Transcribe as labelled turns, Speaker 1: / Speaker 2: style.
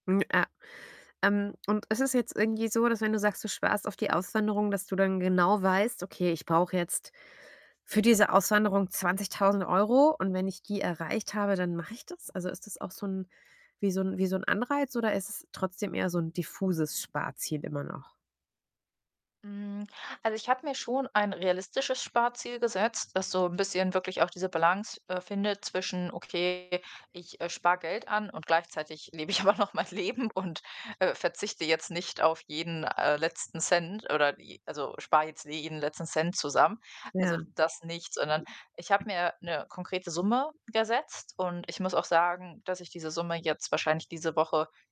Speaker 1: Mm, äh, ähm, und ist es jetzt irgendwie so, dass wenn du sagst, du sparst auf die Auswanderung, dass du dann genau weißt: „Okay, ich brauche jetzt für diese Auswanderung 20.000 € und wenn ich die erreicht habe, dann mache ich das.“ Also, ist das auch so ‘n wie so 'n wie so 'n Anreiz oder ist es trotzdem eher so ‘n diffuses Sparziel immer noch?
Speaker 2: Hm, also ich habe mir schon ein realistisches Sparziel gesetzt, das so 'n bisschen wirklich auch diese Balance, äh, findet zwischen: „Okay, ich, äh, spare Geld an und gleichzeitig lebe ich aber noch mein Leben“, und, äh, verzichte jetzt nicht auf jeden, äh, letzten Cent oder die also, spare jetzt jeden letzten Cent zusammen. Also
Speaker 1: Ja.
Speaker 2: das nicht, sondern ich habe mir 'ne konkrete Summe gesetzt und ich muss auch sagen, dass ich diese Summe jetzt wahrscheinlich diese Woche